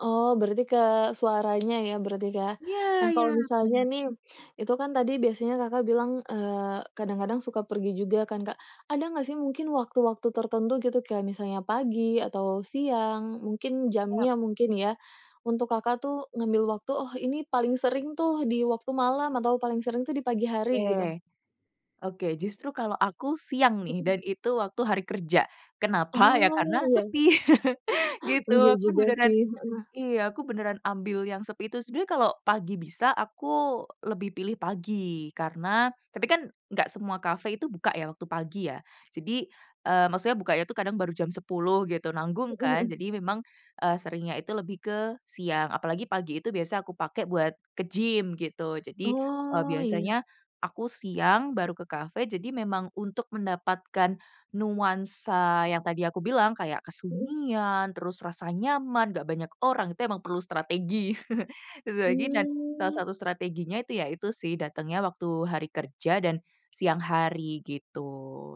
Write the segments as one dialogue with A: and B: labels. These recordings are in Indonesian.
A: Oh, berarti ke suaranya ya berarti, Kak.
B: Iya
A: Nah,
B: iya.
A: kalau misalnya
B: Benar.
A: nih, itu kan tadi biasanya Kakak bilang, eee, kadang-kadang suka pergi juga kan, Kak. Ada nggak sih mungkin waktu-waktu tertentu gitu, kayak misalnya pagi, atau siang, mungkin
B: Yap.
A: jamnya mungkin ya, untuk Kakak tuh ngambil waktu, oh ini paling sering tuh, di waktu malam, atau paling sering tuh di pagi hari, gitu?
B: Oke. Oke, justru kalau aku siang nih,
A: Mhm.
B: dan itu waktu hari kerja. Kenapa? Ya
A: Oh,
B: karena
A: iya.
B: sepi, gitu.
A: Iya
B: Aku
A: juga,
B: beneran
A: sih. Heeh.
B: Iya. Aku beneran ambil yang sepi itu. Sebenernya kalau pagi bisa, aku lebih pilih pagi. Karena tapi kan nggak semua cafe itu buka ya waktu pagi ya. Jadi, eee, maksudnya bukanya itu kadang baru jam 10.00, gitu. Nanggung
A: Hmm,
B: kan,
A: mhm.
B: jadi memang, eee, seringnya itu lebih ke siang. Apalagi pagi itu biasa aku pakai buat ke gym, gitu. Jadi, eee,
A: Oh, iya.
B: biasanya aku siang baru ke cafe, jadi memang untuk mendapatkan nuansa yang tadi aku bilang, kayak
A: Mhm.
B: kesunyian, terus rasa nyaman, nggak banyak orang. Itu emang perlu strategi. Strategi dan salah
A: Mmm.
B: satu strateginya itu, ya itu sih datangnya waktu hari kerja dan siang hari, gitu.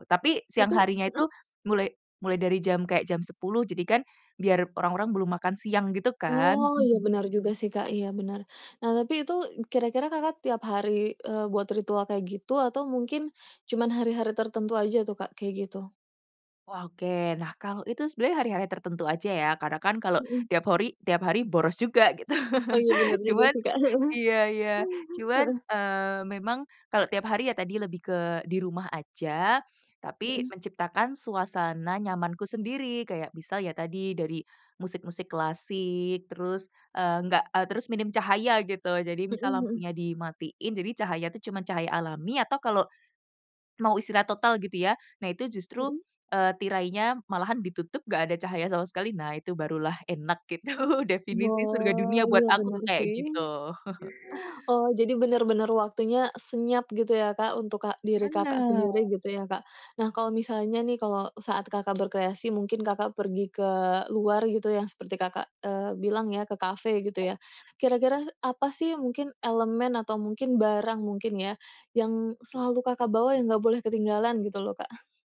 B: Tapi, siang
A: Itu
B: harinya itu
A: heeh.
B: mulai mulai dari jam kayak jam 10.00. Jadi kan biar orang-orang belum makan siang gitu
A: Oh.
B: kan.
A: Iya benar juga sih, Kak. Iya, benar. Nah, tapi itu kira-kira Kakak tiap hari, eee, buat ritual kayak gitu? Atau mungkin cuman hari-hari tertentu aja tuh, Kak, kayak gitu?
B: Wah, oke. Nah, kalau itu sebenarnya hari-hari tertentu aja ya. Karena kan, kalau
A: Mmm.
B: tiap hori tiap hari boros juga, gitu.
A: Oh, iya bener juga
B: Cuman
A: sih, Kak. Heeh,
B: iya iya.
A: mhm,
B: Cuman,
A: heeh.
B: eee, memang kalau tiap hari ya tadi lebih ke di rumah aja, tapi
A: Heeh.
B: menciptakan suasana nyamanku sendiri. Kayak, misal ya tadi dari musik-musik klasik, terus, eee, nggak eee, terus minim cahaya gitu. Jadi
A: Mhm,
B: misal
A: hmm.
B: lampunya dimatiin jadi cahaya tuh cuman cahaya alami, atau kalau mau istirahat total gitu, ya. Nah, itu justru,
A: Mhm.
B: eee, tirainya malahan ditutup nggak ada cahaya sama sekali. Nah, itu barulah enak, gitu. Definisi surga
A: Oh.
B: dunia buat
A: Iya
B: aku
A: bener
B: tuh
A: juga,
B: kayak
A: sih.
B: gitu.
A: Oh, jadi bener-bener waktunya senyap gitu ya, Kak, untuk kak diri Kakak
B: Bener.
A: sendiri gitu ya, Kak. Nah, kalau misalnya nih, kalau saat Kakak berkreasi, mungkin Kakak pergi ke luar, gitu. Yang seperti Kakak, eee, bilang ya ke kafe gitu
B: Ya.
A: ya. Kira-kira apa sih mungkin elemen atau mungkin barang mungkin ya, yang selalu Kakak bawa, yang nggak boleh ketinggalan, gitu loh, Kak?